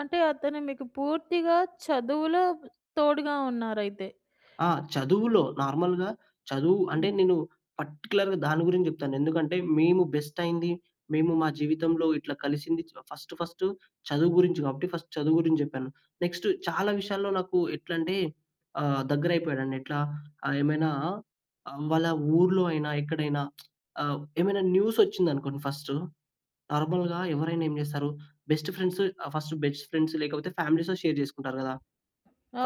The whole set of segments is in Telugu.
అంటే అతను మీకు పూర్తిగా చదువులో తోడుగా ఉన్నారయితే. ఆ! చదువులో. నార్మల్‌గా చదువు అంటే హ్మ్. నేను పర్టిక్యులర్‌గా దాని గురించి జెప్తాను. ఎందుకంటే మేము బెస్టయింది, మేము మా జీవితంలో ఇట్ల కలిసింది ఫస్ట్ ఫస్టు చదువు గురించి గాబట్టి, ఫస్ట్ చదువు గురించి జెప్పాను. నెక్స్ట్ చాలా విషయాల్లో నాకు ఎట్లంటే, ఆహ్, దగ్గరైపోయాడండి ఎట్లా? ఆహ్, ఏమైనా ఆహ్, వాళ్ళ ఊర్లోయినా ఎక్కడైనా, ఆహ్, ఏమైనా న్యూసొచ్చిందనుకోండి ఫస్ట్, నార్మల్‌గా ఎవరైనా ఏం జేస్తారు? Best friends ah, first best friends లేకపోతే ఫ్యామిలీస్‌తో షేర్ జేసుకుంటారు గదా!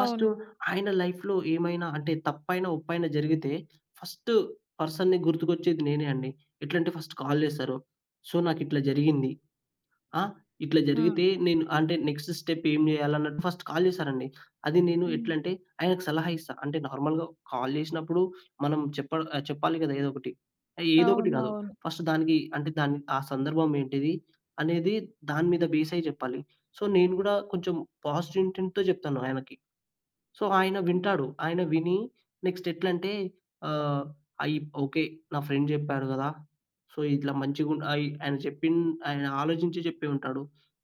ఫస్ట్ ఆయన లైఫ్‌లో ఏమైనా అంటే తప్పైనా ఒప్పైనా జరిగితే, ఫస్ట్ పర్సన్‌ని గుర్తుకొచ్చేది నేనే అండి. ఎట్లాంటే ఫస్ట్ కాల్ జేస్తారు. "సో, నాకిట్లా జరిగింది. ఆ? ఇట్ల ఆ! జరిగితే నేను అంటే నెక్స్ట్ స్టెప్ ఏం జేయాలి" అన్నట్టు ఫస్ట్ కాల్ జేశారండి. అది నేను హ్మ్. ఎట్లంటే ఆయనకి సలహా ఇస్తా. అంటే నార్మల్‌గా కాల్ జేసినప్పుడు మనం చెప్పాల్ ఆహ్, చెప్పాలి గదా! ఏదో ఒకటి. ఆ ఏదో ఒకటి గాదు, అవునవును. ఫస్ట్ దానికి అంటే ఆ సందర్భం ఏంటిది అనేది దాని మీద బేస్ అయి జెప్పాలి. సో, నేను‌ గూడా కొంచెం పాజిటివ్ ఇంటెం‌ట్‌‌తో జెప్తాను ఆయనకి. సో, ఆయన వింటాడు. ఆయన విని, నెక్స్ట్ ఎట్లంటే ఆహ్, అయి ఓకే. నా ఫ్రెండ్ చెప్పాడు గదా! సో ఇట్లా మంచిగు అయి ఆయన జెప్పిన్ ఆయన ఆలోచించి జెప్పె ఉంటాడు.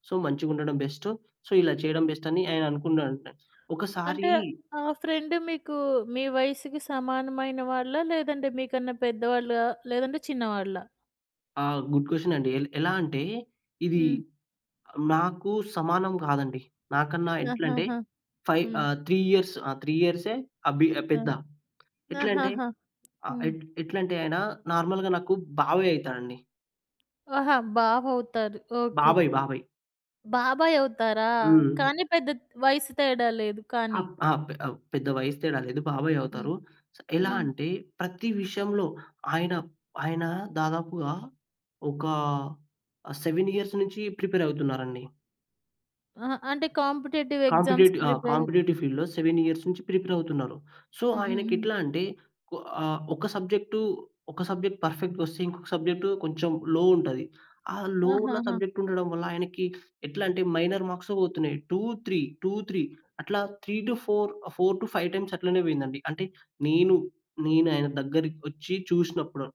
So, మంచిగుండడం best. సో, ఇలా చేయడం బెస్ట్ అని ఆయన అనుకున్నాడంట. ఒకసారి అంటే ఆ ఫ్రెండ్ మీకు మీ వయసుకి సమానమైన వాళ్ళా? లేదంటే మీకన్నా పెద్దవాళ్ళా? లేదంటే చిన్నవాళ్ళా? ఆ! గుడ్ క్వెషన్ అండి. ఎల్ ఎలా అంటే ఇది హ్మ్. నాకు సమానం గాదండి. నాకన్నా ఎట్లంటే ఆహాహా! 5 హ్మ్. ఆహ్, 3 ఇయర్స్ ఆ 3 ఇయర్సె అ భి ఆ ఆ! పెద్ద. ఎట్లంటే ఆహాహా! ఆ హ్మ్. ఎట్ ఎట్లంటే ఆయన నార్మల్‌గా నాకు బాబాయి అయి‌తా‌‌‌డం‌డి. ఆహా! బావవుతారు ఓకే. బాబాయ్ బాబాయ్. బాబాయ్ అవుతారా? హ్మ్. కానీ, పెద్ద వయస్సు తేడా లేదు కానీ. ఆప్ ఆ! పె ఆహ్, పెద్ద వయసు తేడా లేదు బాబాయ్ హ్మ్. అవుతారు. స్ ఎలా హ్మ్. అంటే ప్రతి విషయంలో ఆయన ఆయన దాదాపుగా ఒక 7 ఇయర్స్ నుంచి ప్రిపేర్ అవుతున్నారండి. అహా! అంటే కాంపిటీటివ్ ఎగ్జామ్స్‌కి కాంపిటీటివ్ ఆ ప్రిపేర్ కాంపిటీటివ్ ఫీల్డ్‌లో 7 ఇయర్స్ నుంచి ప్రిపేర్ అవుతున్నారు. సో, హ్మ్. హ్మ్. హ్మ్. ఆయనకెట్లా అంటే కొ ఆహ్, ఒక సబ్జెక్టు ఒక సబ్జెక్ట్ పర్ఫెక్ట్‌గొస్తే ఇంకొక సబ్జెక్ట్ కొంచెం లో ఉంటది. ఆ లో ఉన్న ఆహాహా! సబ్జెక్ట్ ఉండడం వల్ల ఆయనకి ఎట్లాంటే, మైనర్ మార్క్స్‌తో పోతున్నాయి. 2, 3, 2, 3 అట్లా 3-4, ఆహ్, 4-5 టైమ్స్ అట్లనే పోయిందండి. అంటే నేను, నేనాయన దగ్గరికొచ్చి చూసినప్పుడు